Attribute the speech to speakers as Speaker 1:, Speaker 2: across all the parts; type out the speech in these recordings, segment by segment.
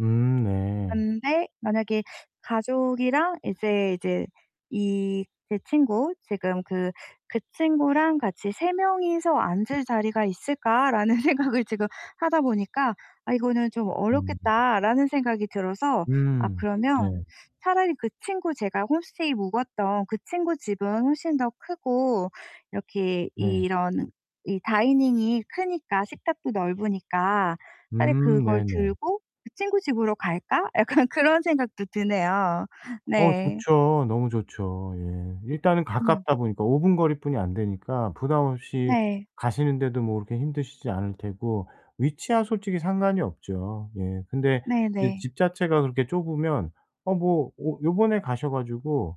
Speaker 1: 음 네.
Speaker 2: 근데 만약에 가족이랑 이제 이제 이 제 친구 지금 그 그 친구랑 같이 '3 명이서 앉을 자리가 있을까?' 라는 생각을 지금 하다 보니까 '아 이거는 좀
Speaker 1: 음.
Speaker 2: 어렵겠다.'라는 생각이 들어서 아
Speaker 1: 음 네.
Speaker 2: 그러면 차라리 그 친구 제가 홈스테이 묵었던 그 친구 집은 훨씬 더 크고 이렇게
Speaker 1: 네.
Speaker 2: 이런 이 다이닝이 크니까 식탁도 넓으니까 '차라리
Speaker 1: 음
Speaker 2: 그걸
Speaker 1: 네네.
Speaker 2: 들고 그 친구 집으로 갈까?' 약간 그런 생각도 드네요.
Speaker 1: 어
Speaker 2: 네.
Speaker 1: 좋죠. 너무 좋죠. 예. 일단은
Speaker 2: 음.
Speaker 1: 가깝다 보니까, 5 분 거리뿐이 안 되니까 부담 없이
Speaker 2: 네.
Speaker 1: 가시는데도 뭐 그렇게 힘드시지 않을 테고 위치야 솔직히 상관이 없죠. 예 근데 이제
Speaker 2: 네네.
Speaker 1: 집 자체가 그렇게 좁으면 아 뭐 어 요번에 가셔 가지고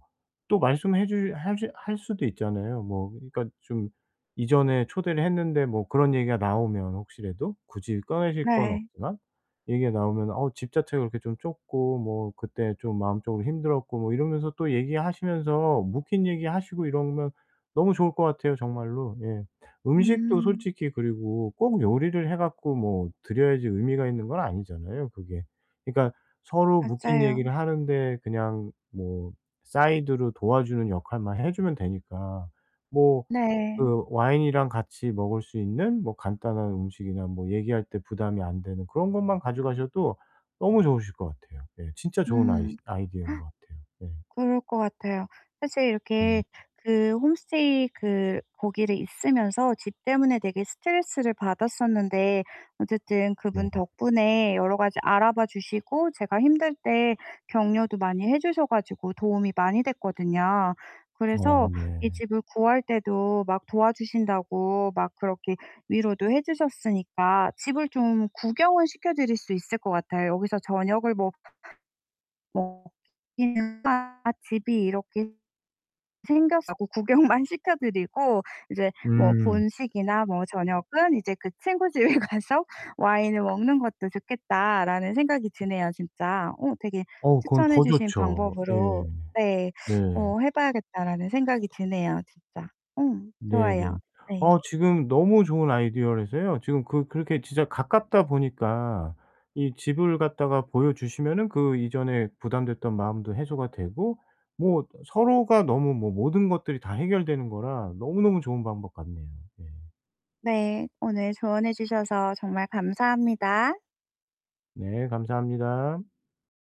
Speaker 1: 또 말씀 해 주 해 주 할 수도 있잖아요. 뭐 그러니까 좀 "이전에 초대를 했는데" 뭐 그런 얘기가 나오면 혹시라도 굳이 꺼내실 건
Speaker 2: 네.
Speaker 1: 없지만 얘기가 나오면은 "어 집 자체가 그렇게 좀 좁고 뭐 그때 좀 마음적으로 힘들었고" 뭐 이러면서 또 얘기하시면서 묵힌 얘기하시고 이러면 너무 좋을 것 같아요, 정말로. 예. 음식도
Speaker 2: 음.
Speaker 1: 솔직히 그리고 꼭 요리를 해 갖고 뭐 드려야지 의미가 있는 건 아니잖아요, 그게. 그러니까 서로 묵힌
Speaker 2: 맞아요.
Speaker 1: 얘기를 하는데 그냥 뭐 사이드로 도와주는 역할만 해 주면 되니까. 뭐
Speaker 2: 네.
Speaker 1: 그 와인이랑 같이 먹을 수 있는 뭐 간단한 음식이나 뭐 얘기할 때 부담이 안 되는 그런 것만 가져 가셔도 너무 좋으실 것 같아요. 네 진짜 좋은 아이
Speaker 2: 음.
Speaker 1: 아이디어인 것 같아요 네.
Speaker 2: 그럴 것 같아요. 사실
Speaker 1: 네.
Speaker 2: 이렇게 그 홈스테이 그 거기를 있으면서 집 때문에 되게 스트레스를 받았었는데 어쨌든
Speaker 1: 네.
Speaker 2: 그분 덕분에 여러 가지 알아봐 주시고 제가 힘들 때 격려도 많이 해 주셔 가지고 도움이 많이 됐거든요.
Speaker 1: 어
Speaker 2: 그래서 이
Speaker 1: 네.
Speaker 2: 집을 구할 때도 막 도와 주신다고 막 그렇게 위로도 해 주셨으니까 집을 좀 구경은 시켜드릴 수 있을 것 같아요. 여기서 저녁을 먹 먹기가 집이 이렇게 생겨서 구 구경만 시켜 드리고 이제 뭐
Speaker 1: 음.
Speaker 2: '본식이나 뭐 저녁은 이제 그 친구 집에 가서 와인을 먹는 것도 좋겠다.'라는 생각이 드네요, 진짜. 어 되게
Speaker 1: 어우 그건
Speaker 2: '추천해
Speaker 1: 더
Speaker 2: 주신
Speaker 1: 좋죠. 예.
Speaker 2: 방법으로 네
Speaker 1: 네.
Speaker 2: 어 해 봐야겠다.'라는 생각이 드네요, 진짜. 음 좋아요.
Speaker 1: 네네.
Speaker 2: 네.
Speaker 1: 아 지금 너무 좋은 아이디어라서요. 지금 그 그렇게 진짜 가깝다 보니까 이 집을 갖다가 보여 주시면은 그 이전에 부담됐던 마음도 해소가 되고 뭐 어떤 서로가 너무 뭐 모든 것들이 다 해결되는 거라 너무너무 좋은 방법 같네요. 예.
Speaker 2: 네. 오늘 조언해 주셔서 정말 감사합니다.
Speaker 1: 네. 감사합니다.